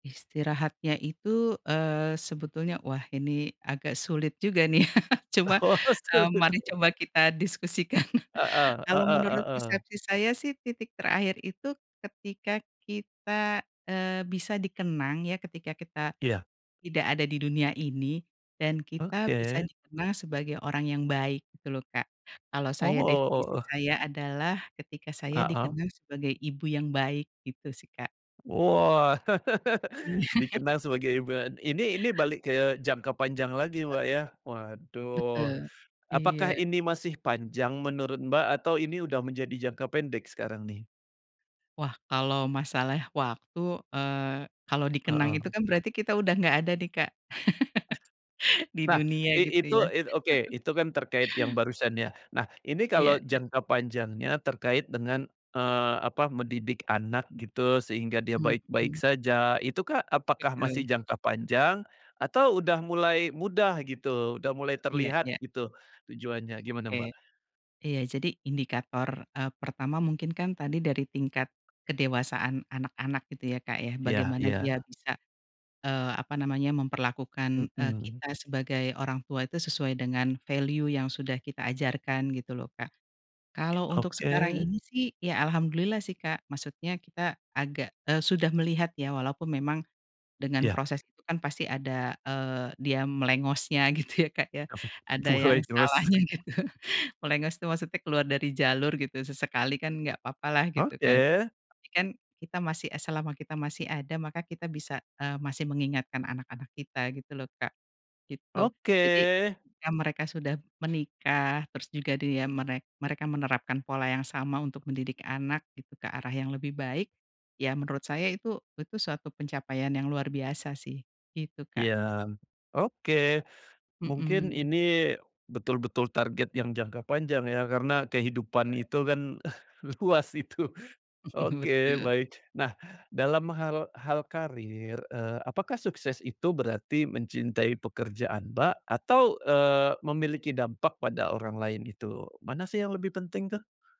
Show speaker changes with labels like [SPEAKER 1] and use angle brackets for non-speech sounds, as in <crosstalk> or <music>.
[SPEAKER 1] Istirahatnya itu, eee, sebetulnya wah ini agak sulit juga, nih, <chuckles> cuma,
[SPEAKER 2] Oh,
[SPEAKER 1] mmm,
[SPEAKER 2] seperti
[SPEAKER 1] mari
[SPEAKER 2] itu.
[SPEAKER 1] coba kita diskusikan.
[SPEAKER 2] Heeh
[SPEAKER 1] Kalau
[SPEAKER 2] heeh
[SPEAKER 1] menurut
[SPEAKER 2] heeh.
[SPEAKER 1] persepsi saya, sih, titik terakhir itu ketika kita, eee, bisa dikenang, ya, ketika kita
[SPEAKER 2] Iya.
[SPEAKER 1] tidak ada di dunia ini dan kita bisa
[SPEAKER 2] Oke.
[SPEAKER 1] dikenang sebagai orang yang baik gitu lho, Kak. Kalau
[SPEAKER 2] Oh,
[SPEAKER 1] saya
[SPEAKER 2] o o o
[SPEAKER 1] definisi
[SPEAKER 2] oh.
[SPEAKER 1] saya adalah ketika saya
[SPEAKER 2] Heeh.
[SPEAKER 1] dikenang sebagai ibu yang baik gitu sih, Kak.
[SPEAKER 2] Wah,
[SPEAKER 1] Iya.
[SPEAKER 2] <laughs>
[SPEAKER 1] <chuckles>
[SPEAKER 2] dikenang sebagai ibu an ini ini balik ke jangka panjang lagi, Mbak, ya, waduh.
[SPEAKER 1] Betul,
[SPEAKER 2] Apakah
[SPEAKER 1] iya.
[SPEAKER 2] ini masih panjang menurut Mbak, atau ini udah menjadi jangka pendek sekarang, nih?
[SPEAKER 1] Wah, kalau masalah waktu, eee, kalau dikenang itu,
[SPEAKER 2] Heeh.
[SPEAKER 1] kan, berarti kita udah nggak ada, nih, Kak, <laughs> di
[SPEAKER 2] Nah
[SPEAKER 1] dunia
[SPEAKER 2] i
[SPEAKER 1] gitu
[SPEAKER 2] itu
[SPEAKER 1] ya.
[SPEAKER 2] it oke,
[SPEAKER 1] <chuckles>
[SPEAKER 2] itu, kan, terkait yang barusan, ya. Nah ini kalau
[SPEAKER 1] Iya iya.
[SPEAKER 2] jangka panjangnya terkait dengan, eee, apa mendidik anak gitu sehingga dia
[SPEAKER 1] Mhm
[SPEAKER 2] baik-baik
[SPEAKER 1] mhm.
[SPEAKER 2] saja itu, kah, apakah masih
[SPEAKER 1] Betul.
[SPEAKER 2] jangka panjang atau udah mulai mudah gitu, udah mulai
[SPEAKER 1] Iya
[SPEAKER 2] terlihat
[SPEAKER 1] iya.
[SPEAKER 2] gitu tujuannya, gimana, Mbak?
[SPEAKER 1] Oke. Iya, jadi indikator, eee, pertama mungkin, kan, tadi dari tingkat kedewasaan anak-anak gitu ya, Kak, ya.
[SPEAKER 2] Iya
[SPEAKER 1] Bagaimana dia
[SPEAKER 2] iya.
[SPEAKER 1] bisa, eee, apa namanya, memperlakukan, eee,
[SPEAKER 2] Hmm.
[SPEAKER 1] kita sebagai orang tua itu sesuai dengan value yang sudah kita ajarkan gitu loh, Kak. Kalau untuk sekarang
[SPEAKER 2] Oke.
[SPEAKER 1] ini, sih, ya, alhamdulillah, sih, Kak, maksudnya kita agak eee, sudah melihat, ya, walaupun memang dengan
[SPEAKER 2] Iya.
[SPEAKER 1] proses itu, kan, pasti ada, eee, dia melengosnya gitu ya, Kak, ya,
[SPEAKER 2] <chuckles>
[SPEAKER 1] ada yang
[SPEAKER 2] Melengos.
[SPEAKER 1] salahnya gitu. Melengos itu maksudnya keluar dari jalur gitu sesekali, kan, nggak papa lah gitu, kan.
[SPEAKER 2] Oke.
[SPEAKER 1] Tapi, kan, kita masih eee, selama kita masih ada maka kita bisa, eee, masih mengingatkan anak-anak kita gitu loh, Kak. Gitu.
[SPEAKER 2] Oke.
[SPEAKER 1] Jadi ketika mereka sudah menikah terus juga dia merek mereka menerapkan pola yang sama untuk mendidik anak gitu ke arah yang lebih baik, ya, menurut saya itu itu suatu pencapaian yang luar biasa, sih, gitu, Kak.
[SPEAKER 2] Iya, oke. Mungkin
[SPEAKER 1] Hmm.
[SPEAKER 2] ini betul-betul target yang jangka panjang, ya, karena kehidupan
[SPEAKER 1] Baik.
[SPEAKER 2] itu, kan, luas itu.
[SPEAKER 1] <chuckles>
[SPEAKER 2] Oke,
[SPEAKER 1] Betul.
[SPEAKER 2] baik. Nah, dalam hal hal karir, eee, apakah sukses itu berarti mencintai pekerjaan, Mbak, atau, eee, memiliki dampak pada orang lain itu? Mana sih yang lebih penting, tuh?